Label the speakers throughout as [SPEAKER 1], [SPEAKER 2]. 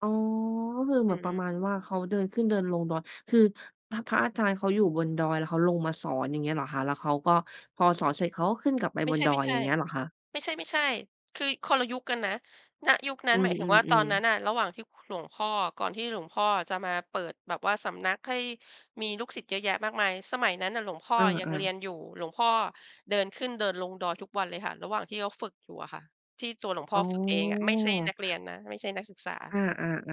[SPEAKER 1] อ๋อ ก็คือเห
[SPEAKER 2] อ
[SPEAKER 1] ม
[SPEAKER 2] ื
[SPEAKER 1] ือน
[SPEAKER 2] อ
[SPEAKER 1] ป
[SPEAKER 2] ฮ
[SPEAKER 1] ระ
[SPEAKER 2] ึ
[SPEAKER 1] มาณว่า เขาเดินขึ้นเดินลงดอย คือพระ พระอาจารย์เขาอยู่บนดอย แล้วเขาลงมาสอนอย่างเงี้ยเหรอคะ? แล้วเขาก็ พอสอนเสร็จเขาก็ขึ้นกลับไป
[SPEAKER 2] ไม่
[SPEAKER 1] บ
[SPEAKER 2] ใ
[SPEAKER 1] น
[SPEAKER 2] ช่
[SPEAKER 1] ดอย อย่างเงี้ยเหรอคะ?
[SPEAKER 2] ๆ ไม่ใช่ ๆ คือคนละยุคกันนะ ณ ยุคนั
[SPEAKER 1] อ
[SPEAKER 2] ้
[SPEAKER 1] ื
[SPEAKER 2] น หมายถึงว่าตอน
[SPEAKER 1] อ
[SPEAKER 2] นั้
[SPEAKER 1] ๆ
[SPEAKER 2] น
[SPEAKER 1] ๆ
[SPEAKER 2] น่ะ ระหว่างที่ ค หลวงพ่อ ก่อนที่หลวงพ่ออะจะมาเปิดแบบว่าสำนัก ให้ มีลูกศิษย์เยอะแยะมากมาย สมัยนั้นน่ะ หลวงพ่
[SPEAKER 1] เ
[SPEAKER 2] อ
[SPEAKER 1] อ
[SPEAKER 2] อะยัง
[SPEAKER 1] อ
[SPEAKER 2] เรีย
[SPEAKER 1] ๆ
[SPEAKER 2] นอยู่ หลวงพ่อเดินขึ้นเดินลงดอยทุกวันเลยค่ะ ระหว่างที่เขา ฝึกอยู่อะค่ะ ที่ตัวหลวงพ่
[SPEAKER 1] อ๋
[SPEAKER 2] อ
[SPEAKER 1] อ
[SPEAKER 2] ฝึกเองอะ ไม่ใช่นักเรียนนะ ไม่ใช่นักศึกษ
[SPEAKER 1] อ
[SPEAKER 2] า
[SPEAKER 1] า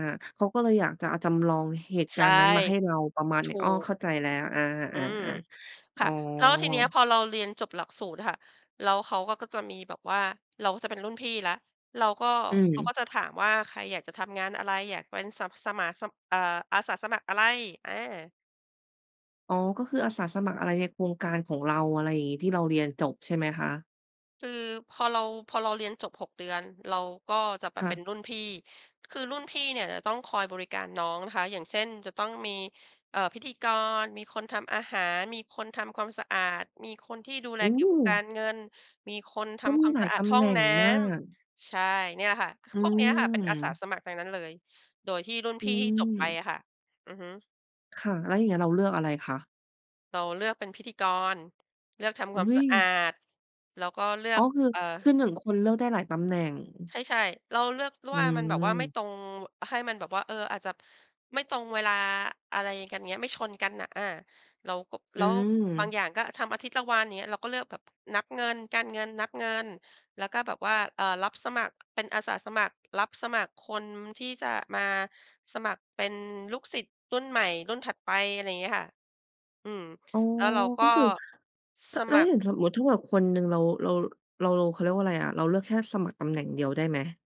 [SPEAKER 1] ๆ ๆ เขาก็เลยอยากจะเอาจำลองเหตุ
[SPEAKER 2] ใ
[SPEAKER 1] ก
[SPEAKER 2] ช
[SPEAKER 1] า
[SPEAKER 2] ่
[SPEAKER 1] รณ์นั้นมาให้เรา ประมาณ
[SPEAKER 2] ถ
[SPEAKER 1] นี้
[SPEAKER 2] ู
[SPEAKER 1] อ้อ
[SPEAKER 2] ก
[SPEAKER 1] เข้าใจแล้ว อา
[SPEAKER 2] อื
[SPEAKER 1] ๆ
[SPEAKER 2] ม
[SPEAKER 1] ๆ ๆ
[SPEAKER 2] ค
[SPEAKER 1] อ๋อ
[SPEAKER 2] ่ะ แล้วทีนี้พอเราเรียนจบหลักสูตรอะค่ะ แล้วเขาก็ ก็จะมีแบบว่า เราก็จะเป็นรุ่นพี่แล้ว เราก็
[SPEAKER 1] อื
[SPEAKER 2] เขา
[SPEAKER 1] ม
[SPEAKER 2] ก็จะถามว่า "ใครอยากจะทำงานอะไร? อยากเป็น สับ สะหมา สะ เอ่อ อาสาสมัครอะไร?" อา
[SPEAKER 1] อ๋อ ก็คืออาสาสมัครอะไรในโครงการของเรา อะไรอย่างงี้ ที่เราเรียนจบใช่ไหมคะ?
[SPEAKER 2] คือพอเรา พอเราเรียนจบ 6 เดือน เราก็จะแบ
[SPEAKER 1] ค
[SPEAKER 2] บ
[SPEAKER 1] ่
[SPEAKER 2] เป็
[SPEAKER 1] ะ
[SPEAKER 2] นรุ่นพี่ คือรุ่นพี่เนี่ย จะต้องคอยบริการน้องนะคะ อย่างเช่น จะต้องมี เอ่อ พิธีกร มีคนทำอาหาร มีคนทำความสะอาด มีคนที่ดูแ
[SPEAKER 1] โอ
[SPEAKER 2] ล
[SPEAKER 1] ้
[SPEAKER 2] เกี่ยวกับการเงิน มีคนท
[SPEAKER 1] ก็
[SPEAKER 2] ำ
[SPEAKER 1] ม
[SPEAKER 2] ค
[SPEAKER 1] ี
[SPEAKER 2] วาม
[SPEAKER 1] หลา
[SPEAKER 2] ส
[SPEAKER 1] ย
[SPEAKER 2] ะอา
[SPEAKER 1] ต
[SPEAKER 2] ด
[SPEAKER 1] ำ
[SPEAKER 2] ห
[SPEAKER 1] แ
[SPEAKER 2] ้อ
[SPEAKER 1] หน
[SPEAKER 2] ง
[SPEAKER 1] ่ง
[SPEAKER 2] น้
[SPEAKER 1] มาก
[SPEAKER 2] ำ ใช่ เนี่ยค่ะ คือ
[SPEAKER 1] อื
[SPEAKER 2] พวกเนี้ยค่ะ เป็นอาสา
[SPEAKER 1] ม
[SPEAKER 2] สมัครทั้งนั้นเลย โดยที่รุ่น
[SPEAKER 1] อื
[SPEAKER 2] พี่ที่จบไป
[SPEAKER 1] ม
[SPEAKER 2] อะค่ะ อือฮึ
[SPEAKER 1] ค่ะ แล้วอย่างเงี้ยเราเลือกอะไรคะ?
[SPEAKER 2] เราเลือกเป็นพิธีกร เลือกทำ
[SPEAKER 1] อ
[SPEAKER 2] ค
[SPEAKER 1] ุ
[SPEAKER 2] วา
[SPEAKER 1] ๊
[SPEAKER 2] มสะอา
[SPEAKER 1] ย!
[SPEAKER 2] ด แล้วก็เลื
[SPEAKER 1] อ
[SPEAKER 2] อ
[SPEAKER 1] ๋อ
[SPEAKER 2] ก
[SPEAKER 1] คือ
[SPEAKER 2] เอ่อ
[SPEAKER 1] คือ 1 คนเลือกได้หลายตำแหน่ง อือ
[SPEAKER 2] ใช่ ๆ เราเลือกแล้ว
[SPEAKER 1] อื
[SPEAKER 2] ว่า มันแบบว่าไม่
[SPEAKER 1] ม
[SPEAKER 2] ตรง อะ ให้มันแบบว่า เออ อาจจะ ไม่ตรงเวลา อะไรกัน อย่างเงี้ย ไม่ชนกันน่ะ อา เราก็
[SPEAKER 1] อ
[SPEAKER 2] แ
[SPEAKER 1] ื
[SPEAKER 2] ล้วบาง
[SPEAKER 1] ม
[SPEAKER 2] อย่างก็ทำอาทิตย์ละวัน อย่างเงี้ย เราก็เลือกแบบ นับเงิน การเงินนับเงิน แล้วก็แบบว่า เอ่อ รับสมัคร เป็นอาสาสมัครรับสมัคร คนที่จะมาสมัครเป็นลูกศิษย์รุ่นใหม่รุ่นถัดไป อะไรอย่างเงี้ยค่ะ อืม
[SPEAKER 1] อ๋อ
[SPEAKER 2] แล้วเราก
[SPEAKER 1] ก็
[SPEAKER 2] ็
[SPEAKER 1] คือ ถะ
[SPEAKER 2] ส
[SPEAKER 1] แล้
[SPEAKER 2] ม
[SPEAKER 1] ว
[SPEAKER 2] ัค
[SPEAKER 1] อ
[SPEAKER 2] ร
[SPEAKER 1] ย่างสมมติถ้าแบบคนหนึ่ง เรา เรา เรา เรา เขาเรียกว่าอะไรอะ เราเลือกแค่สมัครตำแหน่งเดียวได้ไหม?